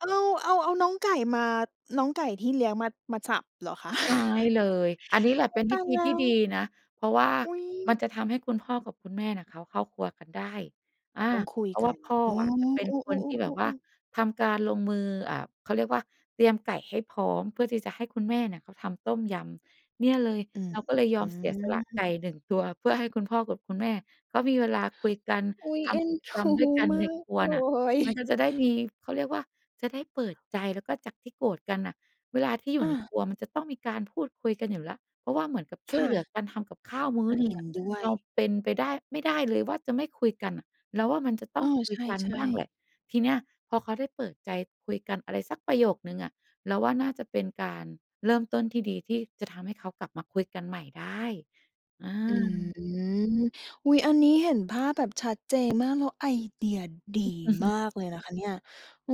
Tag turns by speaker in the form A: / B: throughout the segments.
A: เออ เราเอา เอาน้องไก่มา น้องไก่ที่เลี้ยงมา มาจับเหรอคะ?
B: ใช่เลย อันนี้แหละ
A: อุ
B: เ
A: ๊
B: ป
A: ย
B: ็น
A: ต
B: ว
A: า
B: ิ
A: ย
B: ธ
A: แ
B: ี
A: ล้
B: ที่
A: ว
B: ด
A: อุ๊ย
B: ีนะ เพราะว่า
A: อุ๊ย!
B: มันจะทำให้คุณพ่อกับคุณแม่เนี่ยเขาเข้าครัวกันได้ อา
A: ต้องคุย
B: เพราะ
A: ก
B: ว่
A: ั
B: า
A: น
B: พ่อ
A: อ๋อ
B: อะจะเป็
A: เ
B: น
A: ออ
B: คนที
A: ๆ
B: ่แบบว่า
A: ๆ ๆ ๆ
B: ทำการลงมือ อ่า เขาเรียกว่า เตรียมไก่ให้พร้อม เพื่อที่จะให้คุณแม่เนี่ยเขาทำต้มยำ เนี่ยเลย
A: อืม
B: เราก็เลยย
A: อื
B: อมเสียสละไก
A: ม
B: ่ 1 ตัว เพื่อให้คุณพ่อกับคุณแม่เขามีเวลาคุยกัน
A: อุ๊ย
B: ท
A: เอ็
B: ำก
A: น
B: ิจกรรมด
A: ด
B: ้ว
A: ู
B: ยกัน
A: ม
B: ใน
A: าก
B: ครัว
A: เล
B: น่ะ มัน
A: ย
B: ก็จะได้มี เขาเรียกว่า จะได้เปิดใจ แล้วก็จากที่โกรธกันน่ะ เวลาที่อยู
A: อ
B: ่ใน
A: า
B: ครัวมันจะต้องมีการพูดคุยกันอยู่แล้ว เพราะว่าเหมือนกับช
A: ค
B: ่วย
A: ่
B: เหลือ
A: ะ
B: การทำกับข้าวมื้
A: อ
B: อ
A: า
B: หนึ
A: เ
B: ่
A: ห
B: ง
A: ็
B: อ
A: น
B: ะ
A: ด้ว
B: เ
A: ย
B: ราเป็นไปได้ ไม่ได้เลยว่าจะไม่คุยกันอะ เราว่ามันจะต
A: เอ
B: ้อง
A: อ
B: คุ
A: ใ
B: ยกัน
A: ช่
B: บ้างแหล
A: ๆ
B: ะ ทีเนี้ยพอเขาได้เปิดใจคุยกันอะไรสักประโยคหนึ่งอะ เราว่าน่าจะเป็นการเริ่มต้นที่ดีที่จะทำให้เขากลับมาคุยกันใหม่ได้ อา
A: อืม อุ๊ย อันนี้เห็นภาพแบบชัดเจน มาก แล้วไอเดียดีมากเลยนะคะเนี่ย เออ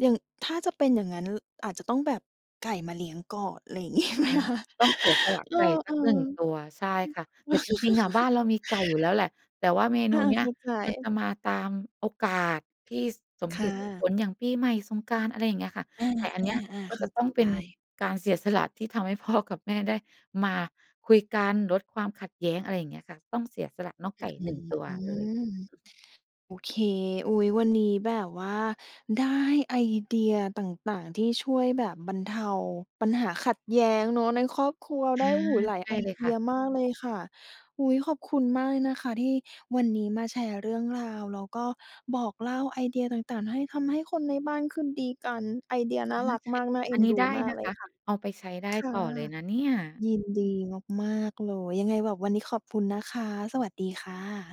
A: อย่าง ถ้าจะเป็นอย่างงั้น ล อาจจะต้องแบบ ไก่มาเลี้ยงก่อน อะไรอย่าง เงี้ยไหม
B: อา
A: คะ?
B: ต้องเสียสละ
A: เออ
B: ไก่ส
A: ๆ อ
B: ั
A: ื
B: ก หน
A: อ
B: ึ่ง ตัว ใช่ค่ะ แต่จริง ๆ อะ บ้านเรามีไก่อยู่แล้วแหละ แต่ว่าเม
A: อ
B: นู
A: า
B: เน
A: ๆ
B: ี
A: เ
B: ้
A: ข
B: ย
A: ้าใ
B: มันจ
A: จ
B: ะมาตามโอกาสที่สม
A: ค
B: เห
A: ่
B: ตุสม
A: ะ
B: ผล อย่างปีใหม่ สงกรานต์ อะไรอย่างเงี้ยค่ะ
A: อา
B: ไก่อันเนี้ย
A: ๆ
B: ก
A: ๆ
B: ็
A: เข้
B: จะ
A: า
B: ต
A: ใ
B: ้
A: จ
B: องเป
A: ไ
B: ็
A: ด
B: น
A: ้
B: การเสียสละที่ทำให้ พ่อ กับแม่ได้มาคุยกัน ลดความขัดแย้ง อะไรอย่างเงี้ยค่ะ ต้องเสียสละน้อง
A: อ
B: ไ
A: ื
B: ก
A: ้
B: ่
A: อ
B: 1 ตัว
A: ฮื
B: เลย
A: อ โอเค อุ๊ย วันนี้แบบว่า ได้ไอเดียต่าง ๆ ที่ช่วยแบบบรรเทาปัญหาขัดแย้งเนาะในครอบครัว
B: อ
A: ได้
B: า
A: โอ้โฮ หลาย
B: ใช
A: ไอ
B: ่เลย
A: เด
B: ค
A: ี
B: ่
A: ย
B: ะ
A: มากเลยค่ะ อุ๊ย ขอบคุณมากเลยนะคะที่วันนี้มาแชร์เรื่องราว แล้วก็บอกเล่าไอเดียต่าง ๆ ให้ ทำให้คนในบ้านคืนดีกัน ไอเดีย
B: อ
A: น่
B: า
A: ารัก
B: ค
A: ม
B: ่
A: า
B: ะ
A: ก น่าเ
B: อ
A: อ็
B: ัน
A: น
B: นี้
A: ดู
B: ได้
A: มาก
B: นะ
A: เล
B: ค
A: ย
B: ะ
A: ค่ะ
B: เอาไปใช้ได้
A: ค่ะ
B: ต่อเลยนะเนี่ย
A: ยินดีมาก ๆ เลย ยังไงแบบวันนี้ขอบคุณนะคะ สวัสดีค่ะ